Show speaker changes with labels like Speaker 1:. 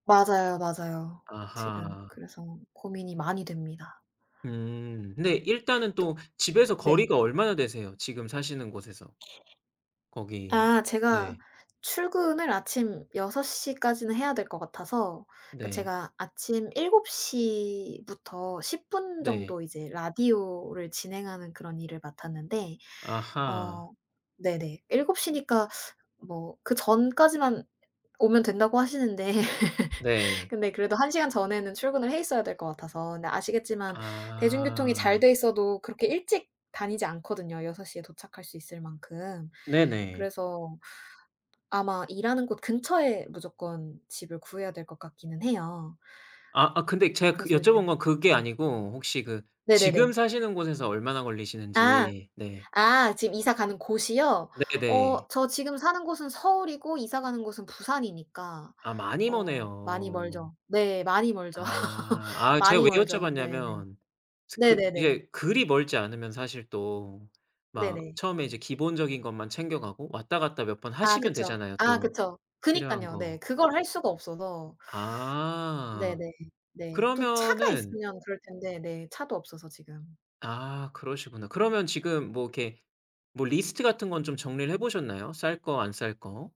Speaker 1: 맞아요, 맞아요. 지금
Speaker 2: 아하.
Speaker 1: 그래서 고민이 많이 됩니다.
Speaker 2: 음. 근데 일단은
Speaker 1: 또
Speaker 2: 또 집에서
Speaker 1: 네.
Speaker 2: 거리가 얼마나 되세요 지금 사시는 곳에서? 거기
Speaker 1: 아 제가
Speaker 2: 네.
Speaker 1: 출근을 아침 6:00 까지는 해야 될 것 같아서 그러니까
Speaker 2: 네.
Speaker 1: 제가 아침 7:00 부터 10 분
Speaker 2: 네.
Speaker 1: 정도 이제 라디오를 진행하는 그런 일을 맡았는데
Speaker 2: 아하.
Speaker 1: 어 네네 7:00 니까 뭐 그 전까지만 오면 된다고 하시는데
Speaker 2: 네.
Speaker 1: 근데 그래도 1 시간 전에는 출근을 해 있어야 될 것 같아서 근데 아시겠지만 대중교통이 잘
Speaker 2: 아.
Speaker 1: 돼 있어도 그렇게 일찍 다니지 않거든요 6:00 에 도착할 수 있을 만큼.
Speaker 2: 네네.
Speaker 1: 그래서 아마 일하는 곳 근처에 무조건 집을 구해야 될 것 같기는 해요.
Speaker 2: 아. 아 근데 제가 그
Speaker 1: 그래서 이제
Speaker 2: 여쭤본 건 그게
Speaker 1: 네.
Speaker 2: 아니고 혹시 그 지금
Speaker 1: 네네네.
Speaker 2: 사시는 곳에서 얼마나
Speaker 1: 아.
Speaker 2: 걸리시는지? 네.
Speaker 1: 아. 지금 이사 가는 곳이요? 어
Speaker 2: 네네.
Speaker 1: 저 지금 사는 곳은 서울이고 이사 가는 곳은 부산이니까
Speaker 2: 아 많이
Speaker 1: 어 많이
Speaker 2: 머네요.
Speaker 1: 멀죠. 네, 많이 멀죠.
Speaker 2: 아. 아 제가
Speaker 1: 많이
Speaker 2: 왜
Speaker 1: 멀죠. 네네.
Speaker 2: 여쭤봤냐면 스 그
Speaker 1: 네네네.
Speaker 2: 이게 그리 멀지 않으면 사실 또 막
Speaker 1: 네네.
Speaker 2: 처음에 이제 기본적인 것만 챙겨 가고 왔다 갔다 몇 번
Speaker 1: 아
Speaker 2: 하시면
Speaker 1: 그쵸.
Speaker 2: 되잖아요
Speaker 1: 아
Speaker 2: 또
Speaker 1: 그쵸.
Speaker 2: 필요한
Speaker 1: 그니깐요. 네.
Speaker 2: 거.
Speaker 1: 그걸 할 수가 없어서.
Speaker 2: 아
Speaker 1: 네네. 네. 또 차가
Speaker 2: 그러면은
Speaker 1: 있으면 그럴 텐데 네 차도 없어서 지금.
Speaker 2: 아 그러시구나. 그러면 지금 뭐 이렇게 뭐 리스트 같은 건 좀 정리를 해 보셨나요 쌀 거 안 쌀 거?